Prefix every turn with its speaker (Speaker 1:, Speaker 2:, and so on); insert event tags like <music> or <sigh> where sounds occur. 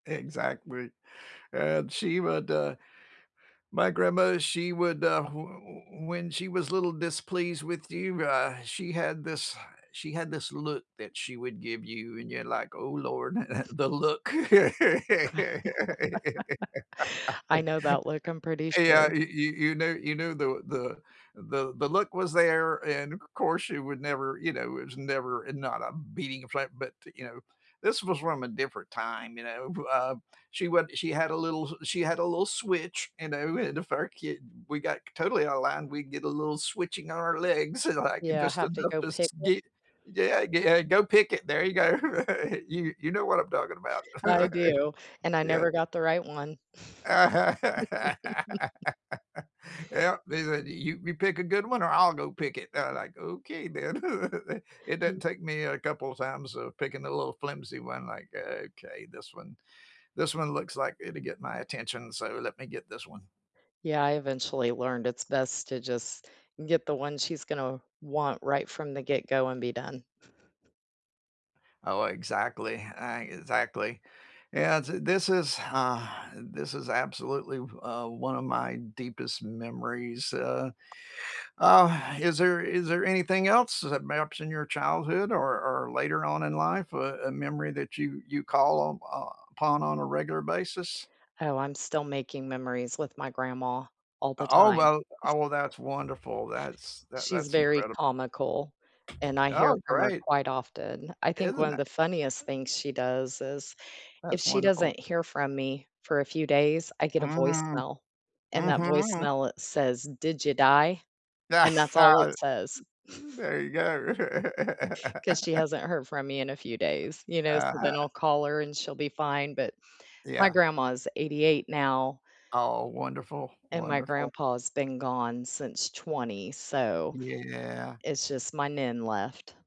Speaker 1: Exactly. And she would, uh my grandma, she would, uh, wh w when she was little displeased with you, uh, she had this she had this look that she would give you, and you're like, "Oh lord, <chuckles> the look." <laughs>
Speaker 2: <laughs> I know that look, I'm pretty
Speaker 1: Uh, yeah,
Speaker 2: sure.
Speaker 1: you you you knew you knew the the the the look was there, and, of course, she would never, you know, it was never uh, not a beating of flat, but t you know, this was from a different time, you know, uh she would she had a little she had a little switch, and, oh, and if our kid we got totally out line, we'd get a little switching on our legs, and, like,
Speaker 2: Yeah,
Speaker 1: just
Speaker 2: have to
Speaker 1: enough
Speaker 2: go
Speaker 1: to s
Speaker 2: pick it.
Speaker 1: get yeah get a go pick it there you go, <chuckles> you you know what I'm talking about.
Speaker 2: I
Speaker 1: <chuckles>
Speaker 2: do, and I
Speaker 1: Yeah.
Speaker 2: never got the right one.
Speaker 1: <laughs>
Speaker 2: <chuckles>
Speaker 1: Yep, they said, "You you pick a good one or I'll go pick it." and I'm like, "Okay, then." <chuckles> it doesn't
Speaker 2: Ye
Speaker 1: take me a couple of times of picking a little flimsy one, like, "Okay, this one this one looks like it'll get my attention, so let me get this one."
Speaker 2: Yeah, I eventually learned it's best to just get the one she's gonna want right from the get-go and be done.
Speaker 1: Oh exactly, I exactly. Yeah, t this is <sighs> this is absolutely, uh, 1 of my deepest memories, uh <sighs> is there is there anything else that maps in your childhood or or later on in life, uh, a memory that you you call on uh, upon on a regular basis?
Speaker 2: Oh, I'm still making memories with my grandma all
Speaker 1: Uh,
Speaker 2: the
Speaker 1: oh,
Speaker 2: time.
Speaker 1: well oh,
Speaker 2: <chuckles>
Speaker 1: well that's wonderful. That's that
Speaker 2: She's
Speaker 1: that's
Speaker 2: very
Speaker 1: incredible.
Speaker 2: comical, and I hear
Speaker 1: Oh,
Speaker 2: from her
Speaker 1: great.
Speaker 2: quite often. I think
Speaker 1: Isn't
Speaker 2: 1 of
Speaker 1: that
Speaker 2: the funniest things she does is, if
Speaker 1: That's
Speaker 2: she
Speaker 1: wonderful.
Speaker 2: doesn't hear from me for a few days, I get a
Speaker 1: Mhm.
Speaker 2: voicemail, and that
Speaker 1: Mhm.
Speaker 2: voicemail, it says, "Did ya die?" and that's all
Speaker 1: <laughs>
Speaker 2: it
Speaker 1: Th
Speaker 2: says.
Speaker 1: there you go.
Speaker 2: <giggles>
Speaker 1: <laughs>
Speaker 2: 'Cause she hasn't heard from me in a few days, you
Speaker 1: I
Speaker 2: know,
Speaker 1: I
Speaker 2: so then I'll
Speaker 1: Ha
Speaker 2: call her and she'll be fine, but my
Speaker 1: Yeah.
Speaker 2: grandma's 88 now
Speaker 1: Oh, wonderful,
Speaker 2: and my
Speaker 1: wonderful.
Speaker 2: grandpa's been gone since 20 so
Speaker 1: Yeah.
Speaker 2: it's just my Nin left.